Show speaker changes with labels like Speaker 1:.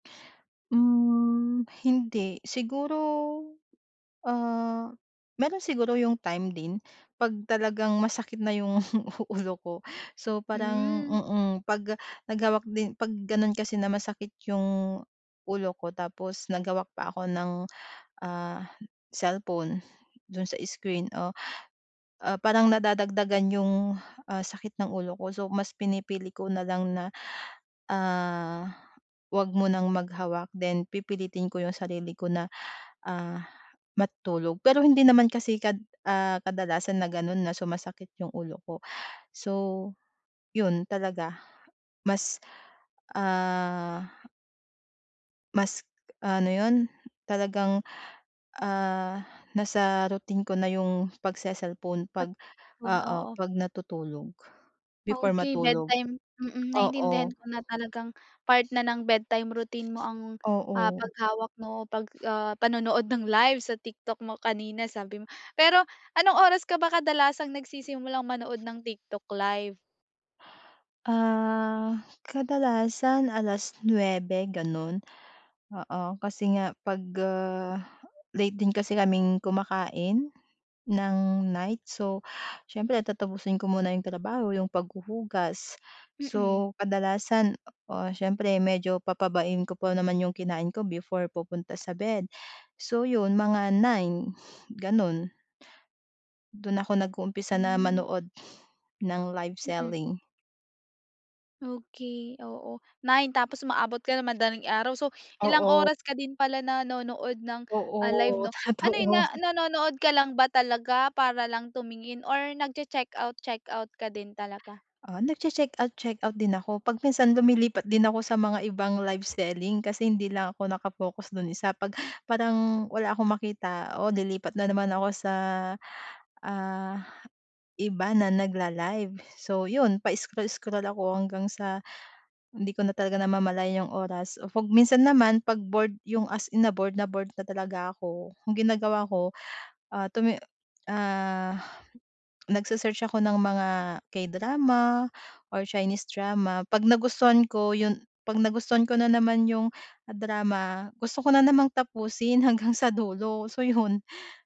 Speaker 1: Hmm, hindi, siguro, ah, meron siguro 'yung time din 'pag talagang masakit na 'yung ulo ko, so parang,
Speaker 2: Hmm.
Speaker 1: mm, 'pag nag hawak din 'pag gano'n kasi na masakit 'yung ulo ko tapos naghawak pa ako ng, ah, cellphone do'n sa screen o, ah, parang nadadagdagan 'yung, ah, sakit ng ulo ko so mas pinipili ko na lang na, ah, huwag munang maghawak then pipilitin ko 'yung sarili ko na, ah, matulog, pero hindi naman kasi kad ah, kadalasan na gano'n na sumasakit 'yung ulo ko so, 'yun talaga, mas ah mas ano 'yun, talagang, ah, nasa routine ko na 'yung pagse-cellphone
Speaker 2: Pat
Speaker 1: pag,
Speaker 2: 'yun,
Speaker 1: oo,
Speaker 2: oo.
Speaker 1: 'pag natutulog, before
Speaker 2: Okey
Speaker 1: matulog,
Speaker 2: bedtime. Mm, naintindihan
Speaker 1: oo.
Speaker 2: ko na talagang part na ng bedtime routine mo ang, ah,
Speaker 1: Oo.
Speaker 2: paghawak mo o 'pag, ah, panonood ng live sa TikTok mo kanina sabi mo. Pero anong oras ka ba kadalasang nagsisimulang manood ng TikTok live?
Speaker 1: Ah, kadalasan 9:00 gano'n, oo, kasi nga pag, ah, late din kasi kaming kumakain ng night, so siyempre tatapusin ko muna iyong trabaho 'yung paghuhugas.
Speaker 2: Mm.
Speaker 1: So kadalasan, oo, siyempre medyo pababain ko pa naman 'yong kinain ko before pupunta sa bed, so iyon mga 9:00 gano'n. Do'n ako nag-uumpisa na
Speaker 2: Hmm.
Speaker 1: manood ng live
Speaker 2: Mm.
Speaker 1: selling.
Speaker 2: Okey, oo, 9 tapos umaabot ka ng madaling araw so ilang
Speaker 1: Oo.
Speaker 2: oras ka din pala nanonood ng ah, live
Speaker 1: Oo,
Speaker 2: 'no? Ano 'yun
Speaker 1: totoo.
Speaker 2: na nanonood ka lang ba talaga, para lang tumingin or nag-che-checkout checkout ka din talaga?
Speaker 1: Ah, nagche-checkout checkout din ako 'pag minsan lumilipat din ako sa mga ibang live selling kasi hindi lang ako naka-focus do'n isa, 'pag parang wala akong makita, oh, lilipat na naman ako sa, ah, iba na nagla-live. So iyon pa-scroll-scroll ako hanggang sa hindi ko na talaga namamalayan iyong oras 'pag minsan naman 'pag bored 'yung as in na bored na bored na talaga ako ang ginagawa ko, ah, tumi ah, nagse-search ako ng mga K-drama or Chinese drama, 'pag nagustuhan ko 'yun 'pag nagustuhan ko na naman 'yung drama, gusto ko na namang tapusin hanggang sa dulo so, 'yun.